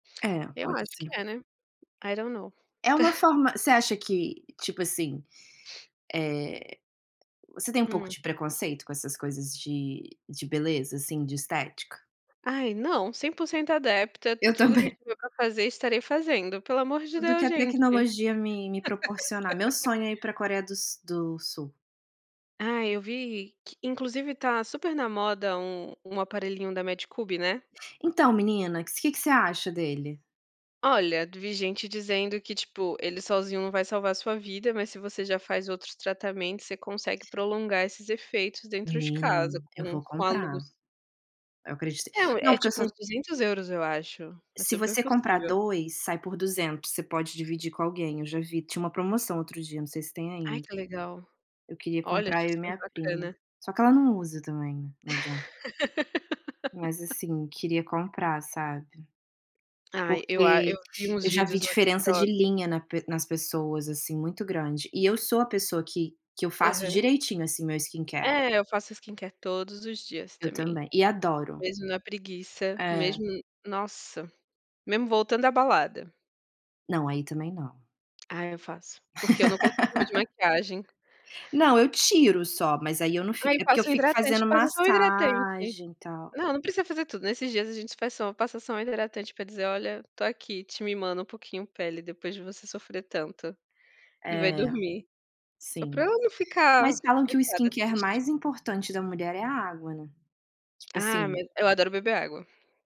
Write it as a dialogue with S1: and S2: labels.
S1: É,
S2: Eu
S1: pode
S2: acho que
S1: ser.
S2: é, né? I don't know.
S1: É uma forma você acha que, tipo, assim, eh, você tem um pouco
S2: Hum.
S1: de preconceito com essas coisas, de de beleza, assim, de estética?
S2: Ai, não. 100% adepta,
S1: Eu
S2: tudo que gente
S1: também.
S2: tiver para fazer, estarei fazendo, pelo amor de
S1: Tudo que
S2: Deus
S1: a
S2: gente.
S1: tecnologia me me proporcionar, meu sonho, é ir para Coreia do s do Sul.
S2: Ai eu vi, que inclusive, está super na moda, um um aparelhinho da Medicube, né.
S1: Então menina, que que você acha dele?
S2: Olha, vi gente dizendo que tipo, ele sozinho não vai salvar a sua vida, mas se você já faz outros tratamentos, você consegue prolongar esses efeitos, dentro de
S1: Menina,
S2: casa
S1: eu
S2: com
S1: vou
S2: com a luz.
S1: comprar. Eu acredito
S2: É um,
S1: não,
S2: é
S1: porque eu
S2: tipo
S1: só
S2: uns 200 € eu acho, é
S1: Se
S2: super
S1: você comprar
S2: possível.
S1: 2, sai por 200, você pode dividir com alguém. Eu já vi, tinha uma promoção outro dia, não sei se tem
S2: Ai
S1: ainda.
S2: que legal.
S1: Eu queria
S2: Olha,
S1: comprar,
S2: achei
S1: eu e
S2: super
S1: minha prima,
S2: bacana.
S1: só que ela não usa também, não adianta. Mas, assim, queria comprar, sabe,
S2: Ai, eu a eu
S1: porque
S2: vi uns
S1: eu já vi
S2: vídeos no
S1: diferença,
S2: TikTok.
S1: de linha na pe nas pessoas, assim, muito grande. E eu sou a pessoa que que eu faço
S2: Aham.
S1: direitinho, assim, meu skincare.
S2: É, eu faço skincare todos os dias
S1: Eu
S2: também.
S1: também, e adoro.
S2: Mesmo na preguiça,
S1: É.
S2: mesmo, nossa, mesmo voltando da balada.
S1: Não, aí também, não.
S2: Ah, eu faço, porque eu não consigo dormir de maquiagem.
S1: Não, eu tiro só, mas aí eu não
S2: Aí
S1: fico é porque eu
S2: passa o
S1: fico
S2: hidratante,
S1: fazendo
S2: passa só o hidratante.
S1: massagem, e tal.
S2: Não, não precisa fazer tudo. Nesses dias, a gente faz só passa só o hidratante para dizer: "Olha, estou aqui te mimando um pouquinho, pele, depois de você sofrer tanto". E vai
S1: É.
S2: dormir. Só para
S1: Sim.
S2: ela não
S1: Mas
S2: ficar,
S1: falam que o
S2: estressada,
S1: skincare
S2: triste.
S1: mais importante da mulher, é a água, né, tipo
S2: Ah,
S1: assim.
S2: mas eu adoro beber água.